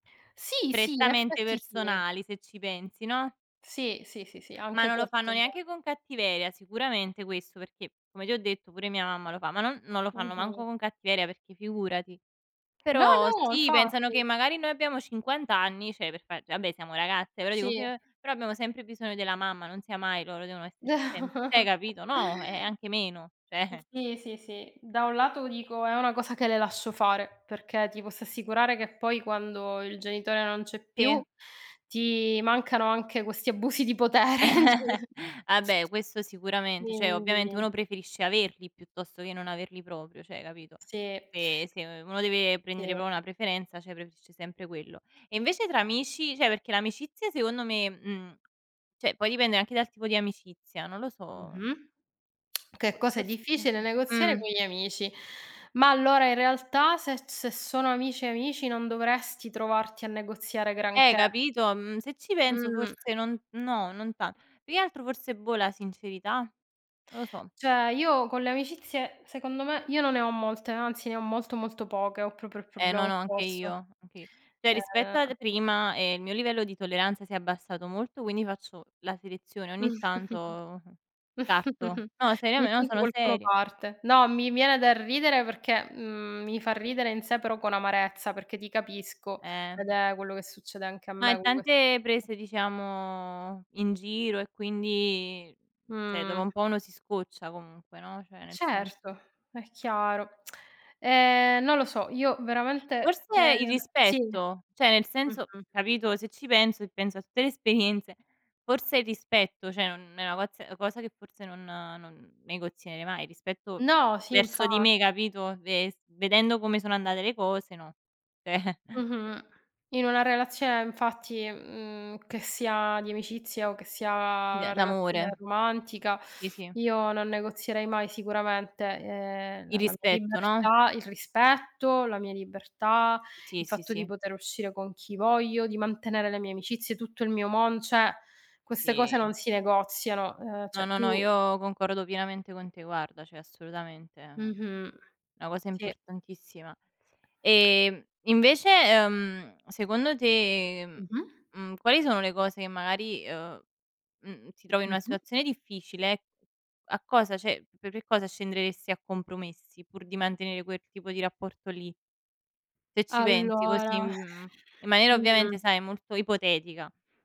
Sì, sì, in Prettamente effetti sì. personali se ci pensi, no? Sì, sì, sì, sì, Ma anche non lo questo è fanno ve neanche con cattiveria, sicuramente questo perché, come ti ho detto, pure mia mamma lo fa, ma non non lo fanno Mh-mh. manco con cattiveria perché figurati. No, Però no, sì pensano che infatti. magari noi abbiamo 50 anni, cioè per far vabbè siamo ragazze, però dico fi Sì. ehm, però abbiamo sempre bisogno della mamma, non sia mai loro, devono esserci sempre cioè hai capito no, eh, ehm, anche meno, cioè Sì, sì, sì da un lato dico è una cosa che le lascio fare, perché ti posso assicurare che poi quando il genitore non c'è più Sì. ti mancano anche questi abusi di potere, sì. Vabbè questo sicuramente, cioè ovviamente Quindi. uno preferisce averli piuttosto che non averli proprio, cioè, capito. Sì. Se se u uno deve prendere Sì. proprio una preferenza, cioè preferisce sempre quello. E invece tra amici? Cioè perché l'amicizia secondo me mhmm, cioè poi dipende anche dal tipo di amicizia, non lo so. Mh-mh. Che Fo cosa è forse difficile negoziare mh. con gli amici. Ma allora in realtà se se sono amici amici, non dovresti trovarti a negoziare Eh, granché. capito, mhmm, se ci penso Mh. forse non no, non tan più che altro forse boh, la sincerità? Non lo so. Cioè, io con le amicizie, secondo me io non ne ho molte, anzi ne ho molto, molto poche, ho proprio il Eh problema no, no, anche opposto. io. Anch cioè rispetto Ehm ad prima, ehm, il mio livello di tolleranza si è abbassato molto, quindi faccio la selezione, ogni Mh. tanto, mhmm, parto. No, Ogni seriame no tanto sono qualcuno seria. parte. No mi viene da ridere perché mhmm, mi fa ridere in sé, però con amarezza, perché ti capisco Eh. ed è quello che succede anche a Ma me in tante [unintelligible] prese, diciamo, in giro e quindi cioè dopo Mh. un po' uno si scoccia comunque, no, cioè nel senso. Certo, è chiaro. Ehm, non lo so. Io veramente te Forse il sì. rispetto, Mh cioè nel senso mh. capito, se ci penso e penso a tutte le esperienze, forse il rispetto, cioè un è una coz ehm, cosa che forse non non negozierei mai rispetto No sì, verso di infa me, capito, ves vedendo come sono andate le cose, no. Cioè Mh-mh. In una relazione eh infatti, mhmm, che sia di amicizia o che sia D una d' relazione amore. romantica, Sì, sì. io non negozierei mai sicuramente, ehm, Il la la mia rispetto, no? libertà il rispetto, la mia libertà, il Sì, sì, fatto di sì. poter uscire con chi voglio, di mantenere le mie amicizie, tutto il mio mon cioè queste cose Sì. non si negoziano; ehm, No, cioè no, no, tu io concordo pienamente con te, guarda, cioè assolutamente, ehm, Mh-mh. una cosa Sì. importantissima. Ehm, invece, ehm, secondo te, ehm, Mh-mh. mhmm, quali sono le cose che magari ehm, mhmm, ti trovi in una Mh-mh. situazione difficile, a cosa cioè per che cosa scenderesti a compromessi pur di mantenere quel tipo di rapporto lì? Se ci pensi Allora, così, mhmm, in maniera ovviamente mh-mh. sai molto ipotetica.